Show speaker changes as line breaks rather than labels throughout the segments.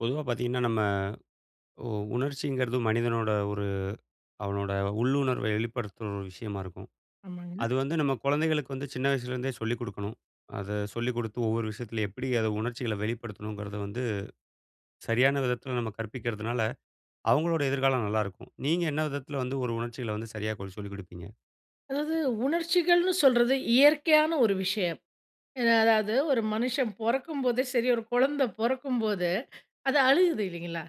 பொதுவா பார்த்தீங்கன்னா நம்ம உ உணர்ச்சிங்கிறது மனிதனோட, ஒரு அவனோட உள்ளுணர்வ வெளிப்படுத்துற ஒரு விஷயமா இருக்கும்.
ஆமாங்க.
அது வந்து நம்ம குழந்தைகளுக்கு வந்து சின்ன வயசுலேருந்தே சொல்லிக் கொடுக்கணும். அத சொல்லிக் கொடுத்து, ஒவ்வொரு விஷயத்தில எப்படி அத உணர்ச்சிகள வெளிப்படுத்தணுங்கிறத வந்து, சரியான விதத்துல நம்ம கற்பிக்கறதுனால, அவங்களோட எதிர்காலம் நல்லாருக்கும். நீங்க என்ன விதத்தில வந்து ஒரு உணர்ச்சிகளை வந்து சரியாக்க சொல்லிக் கொடுப்பீங்க?
அதாவது உணர்ச்சிகள்னு சொல்றது, இயற்கையான ஒரு விஷயம். அ அதாவது ஒரு மனுஷன் பொறக்கும்போது சரி, ஒரு கொழந்த பொறக்கும்போது அது அழுகுது இல்லைங்களா.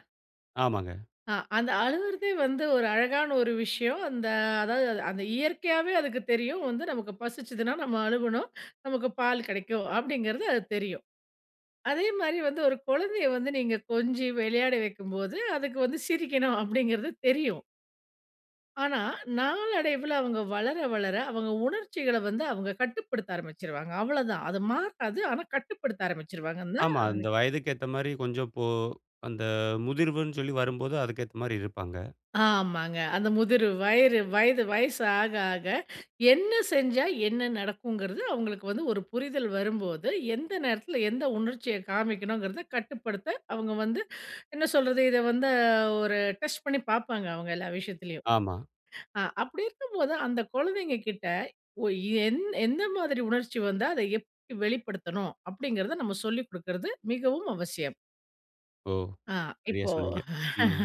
ஆமாங்க.
ஆ அந்த அழுகுறதே வந்து ஒரு அழகான ஒரு விஷயம். அந்த அதாவது அந்த இயற்கையாவே அதுக்கு தெரியும், வந்து நமக்கு பசித்ததுனா நம்ம அழுவனும். நமக்கு பால் கிடைக்கும். அப்படின்கிறது அது தெரியும். அதே மாரி வந்து ஒரு குழந்தைய வந்து நீங்க கொஞ்சி விளையாட வைக்கும்போது, அதுக்கு வந்து சிரிக்கணும். அப்படிங்கிறது தெரியும். ஆனா, நாளடைவில அவங்க வளர வளர அவங்க உணர்ச்சிகள வந்து அவங்க கட்டுப்படுத்த ஆரம்பிச்சிருவாங்க. அவ்வளோதான் அது மாறாது ஆனா கட்டுப்படுத்த ஆரம்பிச்சிடுவாங்க நா
ஆமா. அந்த
அது.
வயதுக்கு ஏத்த மாரி கொஞ்சம். இப்போ, அந்த முதிர்வுன்னு சொல்லி வரும்போது, அதுக்கு ஏத்த மாதிரி இருப்பாங்க.
ஆமாங்க. அந்த முதிரு வயிறு வயது வயசு ஆக ஆக என்ன செஞ்சா என்ன நடக்குங்கிறது, அவங்களுக்கு வந்து ஒரு புரிதல் வரும்போது, எந்த நேரத்தில எந்த உணர்ச்சிய காமிக்கணுங்கிறத கட்டுப்படுத்த அவங்க வந்து, என்ன சொல்றது இத வந்து ஒரு டெஸ்ட் பண்ணி பாப்பாங்க அவங்க எல்லா விஷயத்துலயும்.
ஆமா.
ஆ அப்படி இருக்கும்போது அந்த குழந்தைங்ககிட்ட ஒ எந் எந்த மாதிரி உணர்ச்சி வந்தா அத எப்படி வெளிப்படுத்தனும். அப்படின்கிறத நம்ம சொல்லிக் கொடுக்குறது மிகவும் அவசியம்.
ஓ!
ஆ
சரியா
இப்போ
சொன்னீங்க. ம்.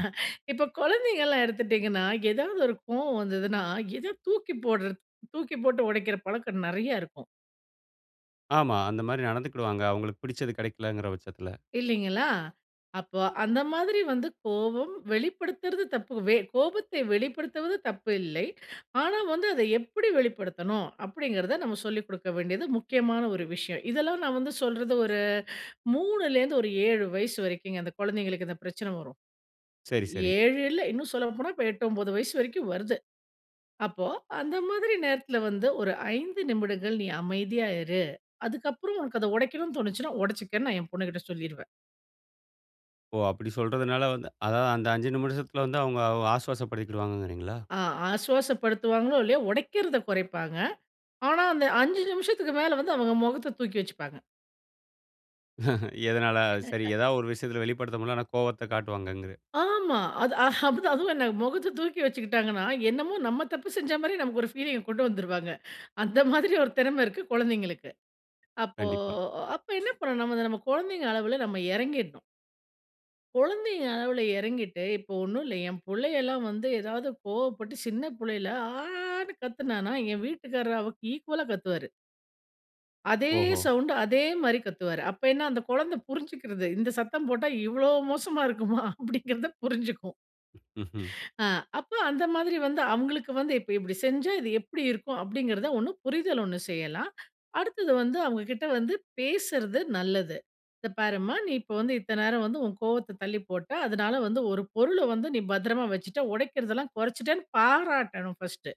இப்போ குழந்தைகள்லாம் எடுத்துட்டீங்கன்னா, ஏதாவது ஒரு கோவம் வந்ததுன்னா, எத தூக்கி போடுறது, தூக்கி போட்டு உடைக்கிற பழக்கம் நெறைய இருக்கும்.
ஆமா. அந்த மாதிரி நடந்துக்கிடுவாங்க. அவங்களுக்கு பிடிச்சது கிடைக்கலங்கிற பட்சத்துல.
இல்லிங்களா! அப்போ அந்த மாதிரி வந்து கோவம் வெளிப்படுத்துறது தப்பு. வே கோபத்தை வெளிப்படுத்துவது தப்பு இல்லை. ஆனா வந்து அதை எப்படி வெளிப்படுத்தணும்? அப்படிங்கிறத, நம்ம சொல்லிக் கொடுக்க வேண்டியது முக்கியமான ஒரு விஷயம். இதெல்லாம் நான் வந்து சொல்றது ஒரு, 3லேந்து ஒரு 7 வயசு வரைக்குங்க அந்த குழந்தைகளுக்கு இந்த பிரச்சனை வரும்.
சரி, சரி.
7 இல்ல இன்னும் சொல்ல போனா, இப்போ 8, 9 வயசு வரைக்கும் வருது. அப்போ அந்த மாதிரி நேரத்தில வந்து ஒரு 5 நிமிடங்கள் நீ அமைதியா இரு. அதுக்கு அப்புறம் உனக்கு அதை உடைக்கனும்னு தோணிச்சுன்னா ஒடைச்சுக்கன்னு நான் என் பொண்ணு கிட்ட சொல்லிருவேன்.
ஓ! அப்படி சொல்றதுனால வந்து அதாவது அந்த 5 நிமிஷத்துல வந்து அவங்க அ ஆசுவாச படுத்திக்கிடுவாங்கங்கிறிங்களா?
ஆ ஆசுவாசப்படுத்துவாங்களோ இல்லையோ, உடைக்கிறதை குறைப்பாங்க. ஆனா அந்த 5 நிமிஷத்துக்கு மேலே வந்து அவங்க முகத்த தூக்கி வச்சுப்பாங்க.
எதனால சரி, ஏதாவது ஒரு விஷயத்துல வெளிப்படுத்த முடியல. ஆனா கோவத்த காட்டுவாங்கங்குற
ஆமா. அது ஹ, அப்டித்தான். அதுவும் என்ன முகத்தை தூக்கி வச்சுக்கிட்டாங்கன்னா, என்னமோ நம்ம தப்பு செஞ்ச மாதிரி நமக்கு ஒரு ஃபீலிங்க கொண்டு வந்துருவாங்க. அந்த மாதிரி ஒரு திறமை இருக்கு குழந்தைங்களுக்கு. அப்போ
கண்டிப்பா.
அப்போ என்ன பண்னனும் நம நம்ம குழந்தைங்க அளவுல நம்ம இறங்கிறணும். கொழந்தைங்க அளவுல இறங்கிட்டு, இப்போ ஒண்ணுல்ல என் புள்ளையெல்லாம் வந்து, ஏதாவது கோவப்பட்டு சின்ன புள்ளையில ஆன்னு கத்துனான்னா, என் வீட்டுக்காரரு அவளுக் ஈக்குவலா கத்துவாரு. அதே
ஓஹோ!
சவுண்டு, அதே மாரி கத்துவாரு. அப்போ என்ன அந்த குழந்தை புரிஞ்சுக்குடுது. இந்த சத்தம் போட்டா, இவ்வளோ மோசமா இருக்குமா?" அப்படிங்கிறத புரிஞ்சுக்கும்.
ம்ஹ்ம்.
அ. அப்போ அந்த மாதிரி வந்து, அவங்களுக்கு வந்து, "இப்போ இப்படி செஞ்சா இது எப்படி இருக்கும்?". அப்படிங்கிறத 1 புரிதல் 1 செய்யலாம். அடுத்தது வந்து, அவங்க கிட்ட வந்து பேசுறது நல்லது. இந்த பாரும்மா, நீ இப்போ வந்து இத்தன நேரம் வந்து உன் கோவத்த தள்ளி போட்ட, அதனால வந்து ஒரு பொருள வந்து நீ பத்திரமா வச்சுட்ட, ஒடைக்கிறதெல்லாம் குறைச்சுட்டேன்னு பாராட்டணும், ஃபர்ஸ்ட்டு.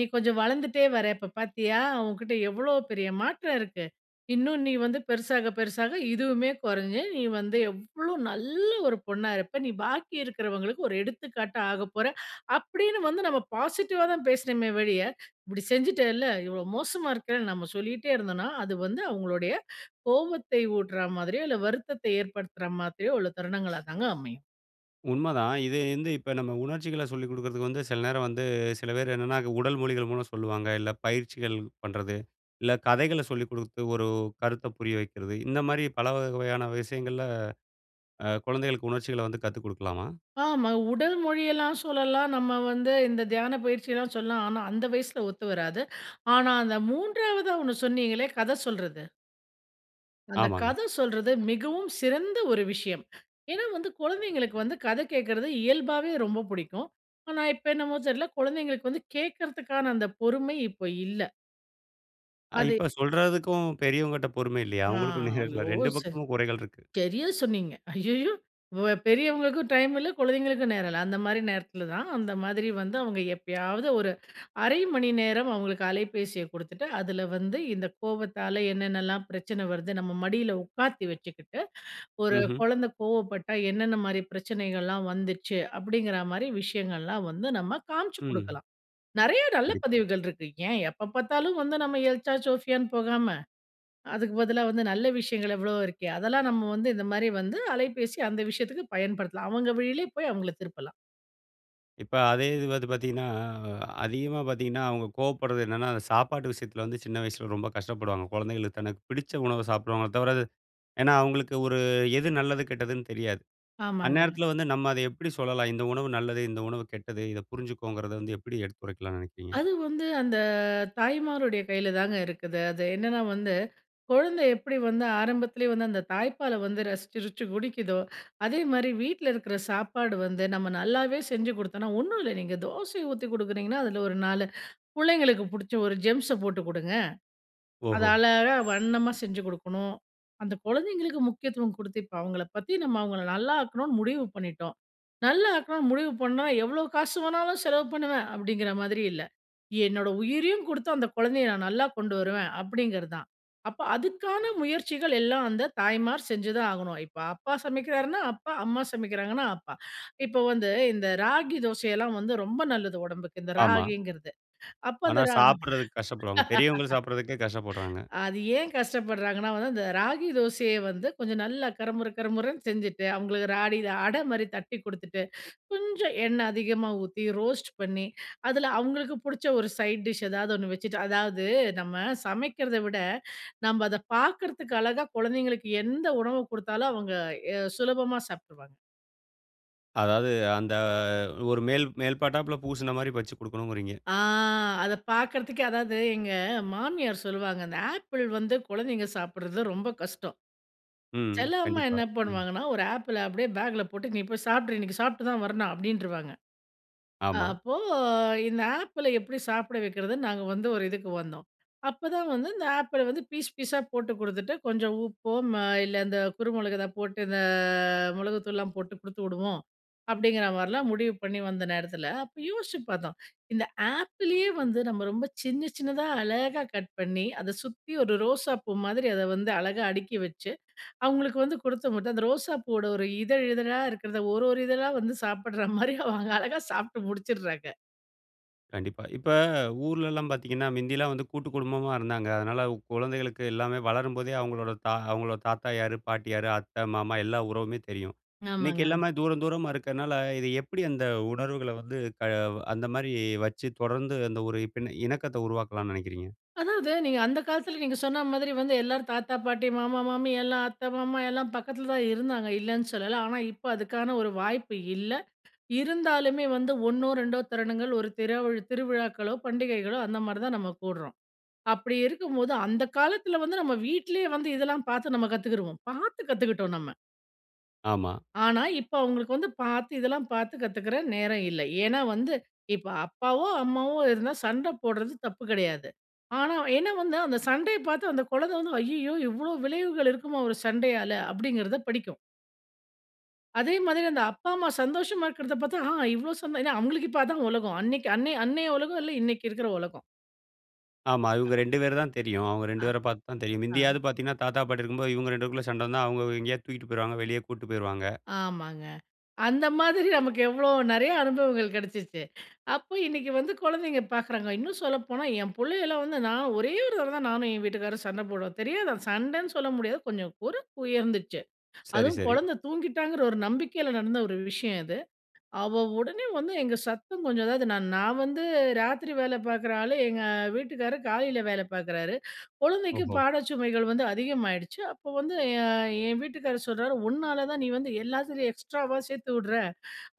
"நீ கொஞ்சம் வளர்ந்துட்டே வர, இப்ப பார்த்தியா உன்கிட்ட எவ்வளோ பெரிய மாற்றம் இருக்கு? இன்னும் நீ வந்து பெருசாக, பெருசாக இதுவுமே குறைஞ்சு, நீ வந்து எவ்வளோ நல்ல ஒரு பொண்ணா இருப்ப. நீ பாக்கி இருக்கிறவங்களுக்கு ஒரு எடுத்துக்காட்டா ஆகப்போற" அப்படின்னு வந்து, நம்ம பாசிட்டிவா தான் பேசனுமே ஒழிய, இப்படி செஞ்சுட்டேல்ல, இவ்வளோ மோசமா இருக்கன்னு நம்ம சொல்லிட்டே இருந்தோன்னா, அது வந்து அவங்களுடைய கோவத்தை ஊட்டுற மாதிரியோ, இல்ல வருத்தத்தை ஏற்படுத்துற மாதிரியோ உள்ள தருணங்களா தாங்க அமையும்.
உண்மதான். இது வந்து இப்ப நம்ம உணர்ச்சிகள சொல்லிக் குடுக்கறதுக்கு வந்து, சில நேரம் வந்து சில பேர் என்னன்னா, உடல் மொழிகள் மூலம் சொல்லுவாங்க. இல்ல பயிற்சிகள் பண்றது, இல்ல கதைகள சொல்லி குடுத்து ஒரு கருத்தை புரிய வைக்கிறது, இந்த மாரி பலவகையான விஷயங்கள்ல அ குழந்தைகளுக்கு உணர்ச்சிகளை வந்து கத்துக் குடுக்கலாமா?
ஆமா. உடல் மொழியெல்லாம் சொல்லலாம். நம்ம வந்து இந்த தியான பயிற்சி எல்லாம் சொல்லலாம், ஆனா அந்த வயசுல ஒத்து வராது. ஆனா, அந்த 3வதா ஒண்ணு சொன்னீங்களே கத சொல்றது அந்த
ஆமாங்க.
கத சொல்றது, மிகவும் சிறந்த ஒரு விஷயம். ஏன்னா வந்து, குழந்தைங்களுக்கு வந்து கத கேட்கறது இயல்பாவே ரொம்ப புடிக்கும். ஆனா இப்ப என்னமோ தெரில்ல, குழந்தைங்களுக்கு வந்து கேட்குறத்துக்கான அந்த பொறுமை இப்ப இல்ல.
அ
அதே
இப்ப சொல்றதுக்கும் பெரியவங்கட்ட பொறுமை இல்லையே.
ஆ.
அவங்களுக்கும் நேரம் இல்ல.
ஐயோ!
2
சரி.
பக்கமும் குறைகள் இருக்கு.
சரியா சொன்னீங்க. ஐய்யய்யோ! வ பெரியவங்களுக்கும் டைம் இல்ல, குழந்தைங்களுக்கும் நேரம் இல்ல. அந்த மாரி நேரத்தில தான், அந்த மாதிரி வந்து அவங்க எப்பயாவது ஒரு 1/2 மணி நேரம் அவங்களுக்கு அலைபேசியை குடுத்துட்டு, அதில வந்து இந்த கோபத்தால என்னென்னலாம் பிரச்சனை வருது நம்ம மடியில உட்காத்தி வச்சுக்கிட்டு, ஒரு
ம்ஹ்ம்.
கொழந்தை கோவப்பட்டா என்னென்ன மாரி பிரச்சனைகள்லாம் வந்துச்சு. அப்படிங்கிற மாரி விஷயங்கள்லாம் வந்து நம்ம காமிச்சு
ம்.
குடுக்கலாம். நெறைய நல்ல
கண்டிப்பா.
பதிவுகள் இருக்கு. ஏன் எப்ப பார்த்தாலும் வந்து நம்ம எல்சா ஜோஃபியான்னு போகாம, அதுக்கு பதிலா வந்து நல்ல விஷயங்கள் எவ்வளோ இருக்கே. அதெல்லாம் நம்ம வந்து இந்த மாரி வந்து, அலைபேசி அந்த விஷயத்துக்கு பயன்படுத்தலாம். அவங்க வழியிலே போய் அவங்கள திருப்பலாம்.
இப்ப அதே இது வந்து பார்த்தீங்கன்னா, அதிகமா பார்த்தீங்கன்னா அவங்க கோவப்படுறது என்னன்னா, அந்த சாப்பாட்டு விஷயத்தில வந்து சின்ன வயசுல ரொம்ப கஷ்டப்படுவாங்க. குழந்தைகளுக்கு தனக்கு பிடிச்ச உணவ சாப்பிடுவாங்கள தவிர அது ஏன்னா அவங்களுக்கு ஒரு எது நல்லது கெட்டதுன்னு தெரியாது.
ஆமாங்க.
அந்நேரத்தில வந்து நம்ம அத எப்டி சொல்லலாம். இந்த உணவு நல்லது, இந்த உணவு கெட்டது இத புரிஞ்சுக்கோங்கிறத வந்து எப்டி எடுத்துரைக்கலாம்ன்னு நினைக்கிறீங்க?
அது வந்து அந்த தாய்மாருடைய கையிலதாங்க இருக்குது. அது என்னன்னா வந்து, குழந்தை எப்டி வந்து ஆரம்பத்திலேயே வந்து அந்த தாய்ப்பால வந்து ரசிச்சுருச்சு குடிக்குதோ, அதே மாரி வீட்ல இருக்கற சாப்பாடு வந்து நம்ம நல்லாவே செஞ்சு குடுத்தோன்னா ஒன்ணுல்ல, நீங்க தோசைய ஊத்தி குடுக்கறீங்கன்னா, அதுல ஒரு 4 புள்ளைங்களுக்கு புடிச்ச ஒரு ஜெம்ஸ போட்டு குடுங்க. அது
ஓஹோ!
அழகா வண்ணமா செஞ்சு குடுக்கணும். அந்த குழந்தைங்களுக்கு முக்கியத்துவம் குடுத்து, இப்ப அவங்கள பத்தி நம்ம அவங்கள நல்லா ஆக்கணும்னு முடிவு பண்ணிட்டோம். நல்லா ஆக்கணும்னு முடிவு பண்ணா, எவ்ளோ காசு வேணாலும் செலவு பண்ணுவேன் அப்படிங்கற மாரி இல்ல. என்னோட உயிரையும் குடுத்து அந்த குழந்தைய நான் நல்லா கொண்டு வருவேன், அப்படிங்கறதுதான். அப்ப, அதுக்கான முயற்சிகள் எல்லா அந்த தாய்மார் செஞ்சுதா ஆகணும். இப்ப அப்பா சமைக்கறாருன்னா, அப்பா, அம்மா சமைக்கறாங்கன்னா அம்மா. இப்ப வந்து, இந்த ராகி தோசை எல்லா வந்து ரொம்ப நல்லது உடம்புக்கு, இந்த
ஆமா.
ராகிங்கறது. அப்ப,
ஆனா,
அந்த ரா
சாப்டுறதுக்கு கஷ்டப்படுவாங்க. பெரியவங்க சாப்டுறதுக்கே கஷ்டப்பட்றாங்க!
அது ஏன் கஷ்டப்படுறாங்கன்னா வந்து அந்த ராகி தோசைய வந்து கொஞ்சம் நல்லா கருமுறு கரமுறன்னு செஞ்சுட்டு, அவங்களுக்கு ராகில அட மாதிரி தட்டி குடுத்துட்டு கொஞ்சம் எண்ண அதிகமா ஊத்தி, ரோஸ்ட் பண்ணி அதுல அவங்களுக்கு புடிச்ச ஒரு சைட் டிஷ் எதாவது ஒன்னு வச்சுட்டு அதாவது நம்ம சமைக்கிறத விட, நம்ம அத பார்க்கறதுக்கு அழகா குழந்தைங்களுக்கு எந்த உணவு குடுத்தாலும் அவங்க எ சுலபமா சாப்டுவாங்க.
அதாவது, அந்த ஒரு மேல் மேல் பாட்டாப்புல பூசுன மாதிரி வச்சு குடுக்கணும்ங்கிறீங்க.
ஆ! அத பார்க்குறதுக்கே அதாவது எங்க மாமியார் சொல்லுவாங்க, அந்த ஆப்பிள் வந்து குழந்தைங்க சாப்பிடுறதுல ரொம்ப கஷ்டம்.
ம்.
சில அம்மா
கண்டிப்பா.
என்ன
ம்.
பண்ணுவாங்கன்னா, ஒரு ஆப்பிள அப்படியே பேக்குல போட்டு "நீ போய் சாப்ட்ரு, இன்னைக்கு சாப்ட்டு தான் வரணும்" அப்படின்றுவாங்க. அ
ஆமா.
அப்போ இந்த ஆப்பிள எப்படி சாப்பிட வைக்கிறதுன்னு, நாங்க வந்து ஒரு இதுக்கு வந்தோம். அப்போதான் வந்து இந்த ஆப்பிள வந்து பீஸ் பீஸா போட்டு கொடுத்துட்டு கொஞ்சம் உப்போ, ம இல்ல இந்த குறுமிளகு இத போட்டு இந்த மிளகுத்தூள்லாம் போட்டு கொடுத்து விடுவோம், அப்படிங்கிற மாதிரிலாம் முடிவு பண்ணி வந்த நேரத்தில, அப்ப யோசுச்சு பார்த்தோம். இந்த ஆப்பிளயே வந்து நம்ம ரொம்ப சின்ன சின்னதாக அழகா கட் பண்ணி, அத சுத்தி ஒரு ரோசா பூ மாதிரி அதை வந்து அழகா அடுக்கி வச்சு, அவங்களுக்கு வந்து கொடுத்த மட்டு அந்த ரோசா பூவோட ஒரு இதழ் இதழா இருக்கிறத, ஒரு ஒரு இதழா வந்து சாப்பிடுற மாதிரி அவங்க அழகா சாப்பிட்டு முடிச்சுடுறாங்க.
கண்டிப்பா. இப்ப ஊர்லலாம் பாத்தீங்கன்னா, மிந்தில்லா வந்து கூட்டு குடும்பமா இருந்தாங்க. அதுனால குழந்தைகளுக்கு எல்லாமே வளரும்போதே அவங்களோட தா அவங்களோட தாத்தா யாரு, பாட்டி யாரு, அத்தை, மாமா எல்லா உறவுமே தெரியும். இன்னைக்கு
ஆமாங்க.
எல்லாமே தூரந்தூரமா இருக்கறதுனால, இது எப்படி அந்த உணர்வுகள வந்து க அந்த மாதிரி வச்சு தொடர்ந்து அந்த ஒரு பி இணக்கத்த உருவாக்கலாம்னு நினைக்கிறீங்க?
அதாவது, நீங்க அந்த காலத்துல நீங்க சொன்ன மாதிரி வந்து எல்லாரும் தாத்தா, பாட்டி, மாமா, மாமி எல்லாம் அத்த, மாமா எல்லாம் பக்கத்துல தான் இருந்தாங்க, இல்லன்னு சொல்லல. ஆனா இப்ப அதுக்கான ஒரு வாய்ப்பு இல்ல. இருந்தாலுமே வந்து 1னோ, 2டோ தருணங்கள் ஒரு தெருவி திருவிழாக்களோ, பண்டிகைகளோ அந்தமாதிரி தான் நம்ம குடுறோம். அப்படி இருக்கும்போது அந்த காலத்துல வந்து நம்ம வீட்டிலேயே வந்து இதெல்லாம் பார்த்து நம்ம கத்துக்குறுவோம். பார்த்து கத்துக்கிட்டோம் நம்ம.
ஆமா.
ஆனா இப்போ அவங்களுக்கு வந்து பார்த்து இதெல்லாம் பார்த்து கத்துக்கிற நேரம் இல்லை. ஏன்னா வந்து இப்ப அப்பாவோ, அம்மாவோ இருந்தா சண்டை போடுறது தப்பு கிடையாது. ஆனா அவ ஏன்னா வந்து அந்த சண்டையை பார்த்து அந்த குழந்தை வந்து "ஐய்யய்யோ! இவ்வளோ விளைவுகள் இருக்குமா ஒரு சண்டையால?" அப்படிங்கிறத படிக்கும். அதே மாதிரி அந்த அப்பா அம்மா சந்தோஷமா இருக்கிறத பார்த்தா "ஆ! இவ்வளவு சந்" ஏன்னா அவங்களுக்கு இப்போ அதான் உலகம். அன்னைக்கு அன்னைய அன்னைய உலகம் இல்லை, இன்னைக்கு இருக்கிற உலகம்.
ஆமா.
அ.
இவங்க 2 பேர் தான் தெரியும். அவங்க 2
அ.
பேரை பார்த்து தான் தெரியும்.
ஆ.
முந்தியாவது பார்த்தீங்கன்னா தாத்தா பாட்டி இருக்கும்போது இவங்க 2 பேருக்குள்ள சண்டை வந்தா அவங்க எங்கேயாவது தூக்கிட்டு போயிருவாங்க. வெளிய கூட்டிட்டு போயிருவாங்க.
ஆமாங்க. அந்த மாதிரி நமக்கு எவ்வளோ நெறைய அனுபவங்கள் கிடைச்சிச்சு. அப்போ இன்னைக்கு வந்து குழந்தைங்க பார்க்குறாங்க. இன்னும் சொல்லப்போனா, என் புள்ளையெல்லாம் வந்து நான் ஒரே ஒரு தடவை தான் நானும் என் வீட்டுக்காரரும் சண்டை போடுவோம். தெரியாதா சண்டைன்னு சொல்ல முடியாது கொஞ்சம் குரல் உயர்ந்துச்சு.
சரி,
அதுவும்
சரி.
குழந்தை தூங்கிட்டாங்கிற ஒரு நம்பிக்கையில நடந்த ஒரு விஷயம் இது. அவ உடனே வந்து எங்க சத்தம் கொஞ்சம் அதாவது நான் நான் வந்து ராத்திரி வேலை பார்க்குற ஆளு. எங்க வீட்டுக்காரு காலையில வேலை பார்க்குறாரு. குழந்தைக்கு
ஓஹோ!
பாட சுமைகள் வந்து அதிகமாயிடுச்சு. அப்போ வந்து என் என் வீட்டுக்காரர் சொல்றார் "உன்னால தான் நீ வந்து எல்லாத்துலயும் எக்ஸ்ட்ராவா சேர்த்து விடுற,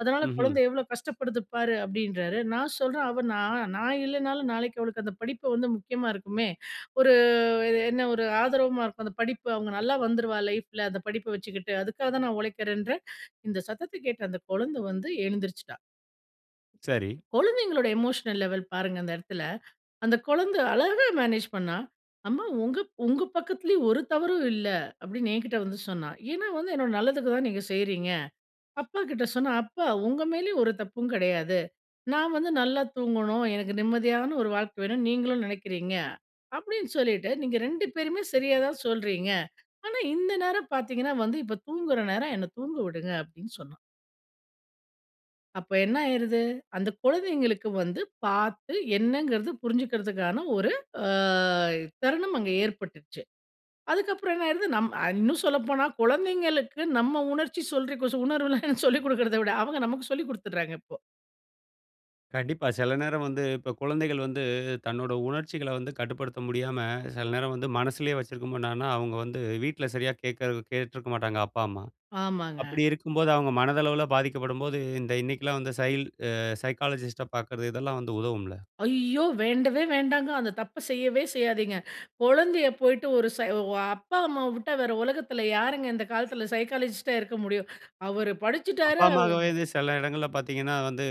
அதனால்
ம்ஹ்ம்.
குழந்தை எவ்வளோ கஷ்டப்படுது பாரு." அப்படின்றாரு. நான் சொல்றேன், அவ நான் நான் இல்லைனாலும் நாளைக்கு அவளுக்கு அந்த படிப்பு வந்து முக்கியமா இருக்குமே. ஒரு என்ன ஒரு ஆதரவா இருக்கும். அந்த படிப்பு அவங்க நல்லா வந்துருவா லைஃப்ல, அந்த படிப்பை வச்சுக்கிட்டு. அதுக்காக தான் நான் உழைக்கிறேன்றேன். இந்த சத்தத்த கேட்ட அந்த குழந்தை வந்து எழுந்திரிச்சுட்டா.
சரி.
குழந்தைகளோட எமோஷனல் லெவல் பாருங்க அந்த இடத்தில. அந்த குழந்த அழகா மேனேஜ் பண்ணா! "அம்மா உங்க உங்க பக்கத்திலயும் ஒரு தவறும் இல்ல." அப்படின்னு என்கிட்ட வந்து சொன்னா. ஏன்னா வந்து என்னோட நல்லதுக்கு தான் நீங்க செய்றீங்க. அப்பாக்கிட்ட சொன்னா, "அப்பா உங்க மேலேயும் ஒரு தப்பும் கெடையாது. நான் வந்து நல்லா தூங்கணும். எனக்கு நிம்மதியான ஒரு வாழ்க்க வேணும் நீங்களும் நினைக்கிறீங்க" அப்படின்னு சொல்லிட்டு "நீங்க 2 பேருமே சரியா தான் சொல்றீங்க. ஆனா, இந்த நேரம் பார்த்தீங்கன்னா வந்து இப்ப தூங்குற நேரம், என்ன தூங்க விடுங்க!" அப்படின்னு சொன்னா. அப்ப என்ன ஆயிருது! அந்த குழந்தைங்களுக்கு வந்து பார்த்து என்னங்கறது புரிஞ்சிக்கறதுக்கான ஒரு அ தருணம் அங்க ஏற்பட்டுடுச்சு. அதுக்கு அப்புறம் என்ன ஆயிருது நம் அ இன்னும் சொல்லப்போனா குழந்தைகளுக்கு நம்ம உணர்ச்சி சொல்றி கு உணர்வுளா சொல்லி கொடுக்கறத விட, அவங்க நமக்கு சொல்லிக் கொடுத்துடுறாங்க இப்போ!
கண்டிப்பா! சில நேரம் வந்து இப்ப குழந்தைகள் வந்து தன்னோட உணர்ச்சிகள வந்து கட்டுப்படுத்த முடியாம, சில நேரம் வந்து மனசுலயே வச்சிருக்கும் போது என்னாகும்ன்னா, அவங்க வந்து வீட்டுல சரியா கேட்கர கேட்ருக்க மாட்டாங்க அப்பா, அம்மா.
ஆமாங்க.
அப்படி இருக்கும்போது அவங்க மனதளவுள பாதிக்கப்படும்போது இந்த இன்னைக்குலாம் வந்து சைல்ட் அ சைக்காலஜிஸ்ட்ட பார்க்கறது, இதெல்லாம் வந்து உதவும்ல?
ஐயோ! வேண்டவே வேண்டாங்க! அந்த தப்ப செய்யவே செய்யாதீங்க! குழந்தைய போய்ட்டு, ஒரு சை வ அப்பா அம்மாவ விட்டா, வேற உலகத்துல யாருங்க இந்த காலத்துல. சைக்காலஜிஸ்ட்டா இருக்க முடியும்? அவர் படிச்சுட்டாரு,
அப்பா
அவ்
அம்மாக்கு வயது சில இடங்கள்ல பார்த்தீங்கன்னா வந்து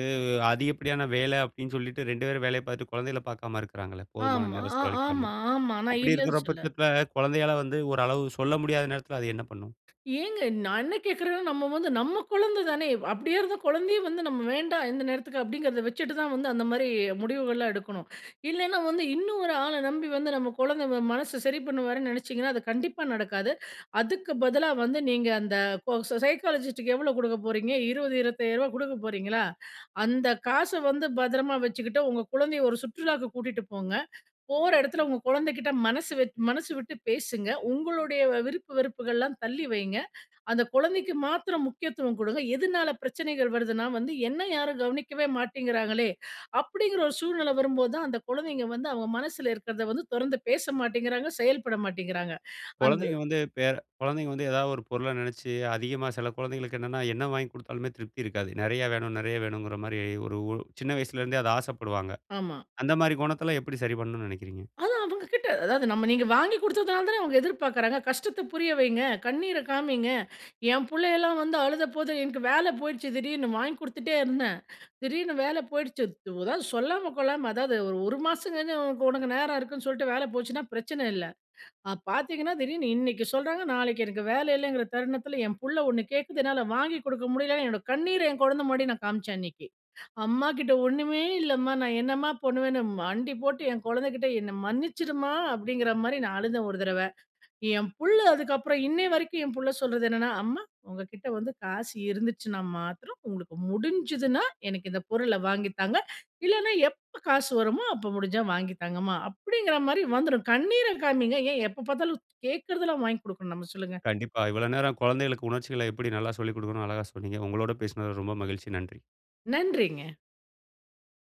அதிகப்படியான வேல அப்படின்னு சொல்லிட்டு 2 பேரும் வேலய பார்த்துட்டு குழந்தைகள பார்க்காம இருக்கிறாங்களே போதுமான
ஆமா.
நேரம்
அ
செலவழிக்காம.
ஆமா, ஆமா! நான்
அப்படி
இல்லன்னு
இருக்கிற
சொல்ல
பட்சத்துல குழந்தையால வந்து ஓரளவு சொல்ல முடியாத நேரத்துல அது என்ன பண்ணும்?
ஏங்க? நான் என்ன கேட்கிறேன்னா, நம்ம வந்து, நம்ம குழந்த தானே? அப்படியே இருந்த குழந்தைய வந்து நம்ம வேண்டாம் இந்த நேரத்துக்கு அப்படிங்கிறத வச்சுட்டு தான் வந்து அந்த மாரி முடிவுகள்லாம் எடுக்கணும். இல்லன்னா வந்து இன்னும் ஒரு ஆள நம்பி வந்து நம்ம குழந்த வ மனச சரி பண்ணுவார்ன்னு நெனைச்சீங்கன்னா, அது கண்டிப்பா நடக்காது. அதுக்கு பதிலா வந்து நீங்க அந்த பொ சைக்காலஜிஸ்ட்க்கு எவ்ளோ கொடுக்க போகிறீங்க? 20 ரூ. 25000 கொடுக்க போறீங்களா? அந்த காச வந்து பத்திரமா வச்சுக்கிட்டு, உங்க குழந்தய ஒரு சுற்றுலாக்கு கூட்டிட்டு போங்க. போற இடத்தில உங்க குழந்தைக்கிட்ட மனசு வெ மனசு விட்டு பேசுங்க. உங்களுடைய விருப்பு வெறுப்புகள்லாம் தள்ளி வைங்க. அந்த குழந்தைக்கு மாத்திரம் முக்கியத்துவம் குடுங்க. எதுனால பிரச்சனைகள் வருதுன்னா வந்து என்ன யாரும் கவனிக்கவே மாட்டேங்கிறாங்களே! அப்படிங்ற ஒரு சூழ்நில வரும் போது தான் அந்த குழந்தைங்க வந்து அவங்க மனசுல இருக்கிறத வந்து தொறந்து பேச மாட்டேங்கிறாங்க! செயல்பட மாட்டேங்கிறாங்க! அந்த
குழந்தைங்க வந்து பேற குழந்தைங்க வந்து எதாவது ஒரு பொருள நெனைச்சு அதிகமா சில குழந்தைகளுக்கு என்னன்னா, என்ன வாங்கி கொடுத்தாலுமே திருப்தி இருக்காது. நெறைய வேணும் நெறைய வேணும்ங்குற மாரி, ஒரு ஒ சின்ன வயசுலருந்தே அத ஆசப்படுவாங்க.
ஆமா.
அந்த மாதிரி குணத்தலாம் எப்படி சரி பண்ணணும்ன்னு நெனைக்கிறீங்க?
அதான் அவங்க கிட்ட, அதாவது நம்ம நீங்க வாங்கி கொடுத்ததுனால தான அவங்க எதிர்பார்க்குறாங்க! கஷ்டத்த புரிய வைங்க, கண்ணீர காமிங்க. என் புள்ளையெல்லாம் வந்து அழுத போது, எனக்கு வேல போயிடுச்சு திடீர்னு வாங்கி குடுத்துட்டே இருந்தேன். திடீர்னு வேல போயிடுச்சு. து அதாவது சொல்லாம கொள்ளாம, அதாவது ஒரு ஒரு மாசம் சென்னு, உனக்கு நேரம் இருக்குன்னு சொல்ட்டு வேல போச்சுன்னா பிரச்சன இல்ல. அப் பார்த்தீங்கன்னா திடீர்னு இன்னைக்கு சொல்றாங்க, நாளைக்கு எனக்கு வேல இல்லங்குற தருணத்துல என் புள்ள ஒண்ணு கேட்குது என்னால வாங்கிக் கொடுக்க முடியலன்னு என்னோட கண்ணீர என் குழந்த முன்னாடி நான் காமிச்சேன் அன்னிக்கு. "அம்மாகிட்ட ஒண்ணுமே இல்லம்மா நான் என்னம்மா பண்ணுவேன்னு" மண்டி போட்டு என் குழந்தைகிட்ட "என்ன மன்னிச்சிரும்மா!" அப்படிங்கற மாரி நான் அழுத ஒரு தரவ. என் புள்ள அதுக்கப்புறம், இன்னய வரைக்கும் என் புள்ள சொல்றது என்னன்னா "அம்மா, உங்க கிட்ட வந்து காசு இருந்துச்சுன்னா மாத்திரம், உங்களுக்கு முடிஞ்சுதுனா எனக்கு இந்த பொருள வாங்கி தாங்க. இல்லனா எப்ப காசு வருமோ அப்போ முடிஞ்சா வாங்கி தாங்கம்மா" அப்படிங்கற மாரி வந்துரும். கண்ணீர காமிங்க. ஏன் எப்ப பார்த்தாலும் து கேட்கிறதெல்லாம் வாங்கி கொடுக்கணும் நம்ம சொல்லுங்க.
கண்டிப்பா! இவ்ளோ நேரம் குழந்தைகளுக்கு உணர்ச்சிகள எப்படி நல்லா சொல்லிக் கொடுக்கணும்னு அழகா சொன்னீங்க! உங்களோடு பேசுனது ரொம்ப மகிழ்ச்சி! நன்றி.
நன்றிங்க.